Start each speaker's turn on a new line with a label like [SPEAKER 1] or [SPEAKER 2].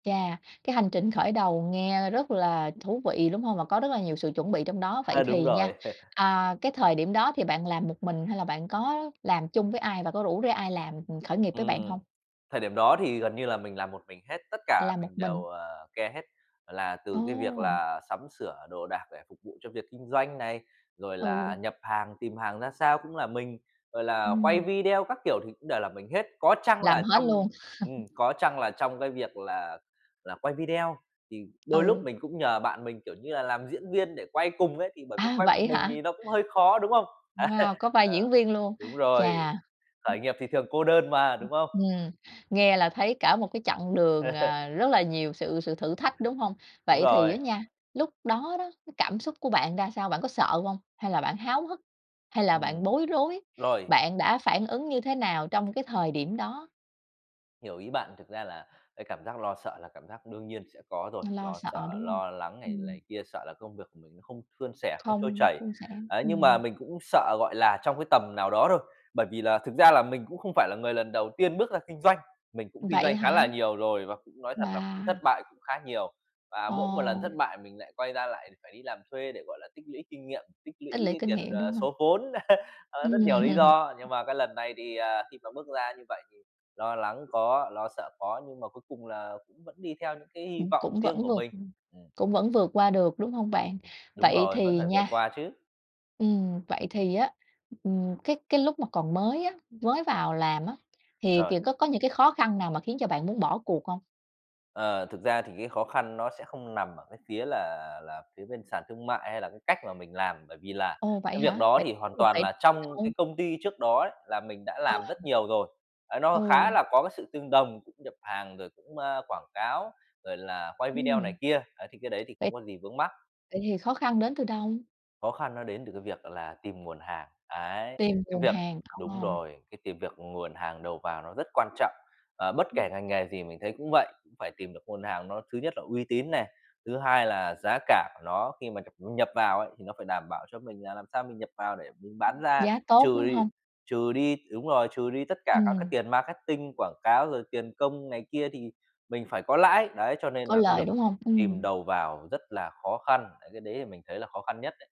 [SPEAKER 1] Chà, cái hành trình khởi đầu nghe rất là thú vị, đúng hông? Và có rất là nhiều sự chuẩn bị trong đó. Vậy
[SPEAKER 2] Ha, đúng
[SPEAKER 1] thì nha,
[SPEAKER 2] rồi.
[SPEAKER 1] à, cái thời điểm đó thì bạn làm một mình hay là bạn có làm chung với ai và có rủ rê ai làm, ừm, khởi nghiệp với bạn
[SPEAKER 2] Ừm,
[SPEAKER 1] hông?
[SPEAKER 2] thời điểm đó thì gần như là mình làm một mình hết, tất cả
[SPEAKER 1] Làm một
[SPEAKER 2] mình
[SPEAKER 1] mình.
[SPEAKER 2] đều, ờ, care hết, là từ cái việc
[SPEAKER 1] Ồ!
[SPEAKER 2] là sắm sửa đồ đạc để phục vụ cho việc kinh doanh này, rồi là
[SPEAKER 1] Ừ.
[SPEAKER 2] nhập hàng, tìm hàng ra sao cũng là mình, rồi là quay
[SPEAKER 1] Ừm.
[SPEAKER 2] video các kiểu thì cũng đều là mình hết. Có chăng
[SPEAKER 1] Làm
[SPEAKER 2] là
[SPEAKER 1] hết
[SPEAKER 2] trong
[SPEAKER 1] luôn?
[SPEAKER 2] ừm, có chăng là trong cái việc là là quay video thì đôi lúc
[SPEAKER 1] Ừ.
[SPEAKER 2] mình cũng nhờ bạn mình, kiểu như là, làm diễn viên để quay cùng ấy, thì bởi vì
[SPEAKER 1] À!
[SPEAKER 2] quay
[SPEAKER 1] Vậy
[SPEAKER 2] một
[SPEAKER 1] ấy
[SPEAKER 2] mình
[SPEAKER 1] hả?
[SPEAKER 2] thì nó cũng hơi khó, đúng không? Á,
[SPEAKER 1] Wow, có vai
[SPEAKER 2] ờ,
[SPEAKER 1] diễn viên luôn,
[SPEAKER 2] đúng rồi,
[SPEAKER 1] chà.
[SPEAKER 2] khởi nghiệp thì thường cô đơn mà, đúng không?
[SPEAKER 1] Ừm, nghe là thấy cả một cái chặng đường, à, rất là nhiều sự sự thử thách, đúng hông?
[SPEAKER 2] Đúng
[SPEAKER 1] Vậy thì á
[SPEAKER 2] rồi.
[SPEAKER 1] nha, lúc đó đó, cái cảm xúc của bạn ra sao? Bạn có sợ hông? Hay là bạn háo hức, hay là
[SPEAKER 2] Ừm,
[SPEAKER 1] bạn bối rối?
[SPEAKER 2] rồi.
[SPEAKER 1] Bạn đã phản ứng như thế nào trong cái thời điểm đó?
[SPEAKER 2] Hiểu ý bạn, thực ra là cái cảm giác lo sợ là cảm giác đương nhiên sẽ có rồi,
[SPEAKER 1] Lo
[SPEAKER 2] lo
[SPEAKER 1] sợ,
[SPEAKER 2] sợ,
[SPEAKER 1] đúng hông?
[SPEAKER 2] lo lắng này
[SPEAKER 1] Ừm.
[SPEAKER 2] này kia, sợ là công việc của mình nó không suôn sẻ, không trôi
[SPEAKER 1] Không
[SPEAKER 2] chảy.
[SPEAKER 1] suôn sẻ,
[SPEAKER 2] Đấy, nhưng
[SPEAKER 1] ừm.
[SPEAKER 2] mà mình cũng sợ, gọi là, trong cái tầm nào đó thôi, bởi vì là thực ra là mình cũng không phải là người lần đầu tiên bước ra kinh doanh, mình cũng kinh
[SPEAKER 1] Vậy
[SPEAKER 2] doanh khá là
[SPEAKER 1] hả?
[SPEAKER 2] nhiều rồi, và cũng nói thật là cũng thất
[SPEAKER 1] Wow!
[SPEAKER 2] bại cũng khá nhiều. Và mỗi một lần
[SPEAKER 1] Ồ.
[SPEAKER 2] thất bại mình lại quay ra, lại phải đi làm thuê để, gọi là, tích lũy kinh nghiệm, tích lũy
[SPEAKER 1] Tích lũy
[SPEAKER 2] cái
[SPEAKER 1] kinh
[SPEAKER 2] tiền,
[SPEAKER 1] nghiệm, đúng
[SPEAKER 2] ờ,
[SPEAKER 1] hông?
[SPEAKER 2] số vốn, ờ, rất nhiều
[SPEAKER 1] Ừm.
[SPEAKER 2] lý
[SPEAKER 1] Ừm.
[SPEAKER 2] do, nhưng mà cái lần này thì, à, khi mà bước ra như vậy thì lo lắng có, lo sợ có, nhưng mà cuối cùng là cũng vẫn đi theo những cái hy
[SPEAKER 1] Ừm,
[SPEAKER 2] vọng
[SPEAKER 1] cũng
[SPEAKER 2] riêng
[SPEAKER 1] vẫn
[SPEAKER 2] của
[SPEAKER 1] vượt
[SPEAKER 2] mình,
[SPEAKER 1] ừm,
[SPEAKER 2] ừm.
[SPEAKER 1] cũng vẫn vượt qua được, đúng hông bạn?
[SPEAKER 2] Đúng
[SPEAKER 1] Vậy
[SPEAKER 2] rồi, vẫn
[SPEAKER 1] thì
[SPEAKER 2] phải vượt
[SPEAKER 1] nha
[SPEAKER 2] qua chứ.
[SPEAKER 1] ừm, vậy thì á, ừm, cái cái lúc mà còn mới á, mới vào làm á, thì,
[SPEAKER 2] Rồi.
[SPEAKER 1] kiểu, có có những cái khó khăn nào mà khiến cho bạn muốn bỏ cuộc hông?
[SPEAKER 2] Ờ, thực ra thì cái khó khăn nó sẽ không nằm ở cái phía là là phía bên sàn thương mại hay là cái cách mà mình làm, bởi vì là
[SPEAKER 1] Ồ, vậy
[SPEAKER 2] cái việc
[SPEAKER 1] hả?
[SPEAKER 2] đó
[SPEAKER 1] Vậy
[SPEAKER 2] thì hoàn
[SPEAKER 1] [unintelligible]
[SPEAKER 2] toàn
[SPEAKER 1] đến
[SPEAKER 2] là
[SPEAKER 1] từ
[SPEAKER 2] trong
[SPEAKER 1] đâu?
[SPEAKER 2] cái công ty trước đó ấy, là mình đã làm rất
[SPEAKER 1] À.
[SPEAKER 2] nhiều rồi. À, nó
[SPEAKER 1] Ừ.
[SPEAKER 2] khá là có cái sự tương đồng, cũng nhập hàng rồi cũng, a, quảng cáo, rồi là quay video này
[SPEAKER 1] Ừm.
[SPEAKER 2] kia, đấy, thì cái đấy thì
[SPEAKER 1] Vậy
[SPEAKER 2] không có gì vướng mắc.
[SPEAKER 1] vậy thì khó khăn đến từ đâu?
[SPEAKER 2] Khó khăn nó đến từ cái việc đó là tìm nguồn hàng, ấy,
[SPEAKER 1] Tìm
[SPEAKER 2] cái
[SPEAKER 1] nguồn
[SPEAKER 2] việc
[SPEAKER 1] hàng,
[SPEAKER 2] đúng
[SPEAKER 1] ồ.
[SPEAKER 2] rồi, cái tìm việc nguồn hàng đầu vào nó rất quan trọng. Ờ, bất
[SPEAKER 1] Ừm.
[SPEAKER 2] kể ngành nghề gì mình thấy cũng vậy, cũng phải tìm được nguồn hàng, nó thứ nhất là uy tín này, thứ hai là giá cả của nó khi mà nhập nhập vào ấy, thì nó phải đảm bảo cho mình là làm sao mình nhập vào để mình bán
[SPEAKER 1] Ừm.
[SPEAKER 2] ra,
[SPEAKER 1] Giá tốt,
[SPEAKER 2] trừ
[SPEAKER 1] đúng
[SPEAKER 2] đi
[SPEAKER 1] hông?
[SPEAKER 2] trừ đi đúng rồi, trừ đi tất cả các cái
[SPEAKER 1] Ừm.
[SPEAKER 2] tiền marketing, quảng cáo, rồi tiền công này kia thì mình phải có lãi, đấy, cho nên
[SPEAKER 1] Có
[SPEAKER 2] nà cái
[SPEAKER 1] lời,
[SPEAKER 2] việc
[SPEAKER 1] đúng hông?
[SPEAKER 2] tìm
[SPEAKER 1] Ừm.
[SPEAKER 2] đầu vào rất là khó khăn, đấy, cái đấy thì mình thấy là khó khăn nhất đấy.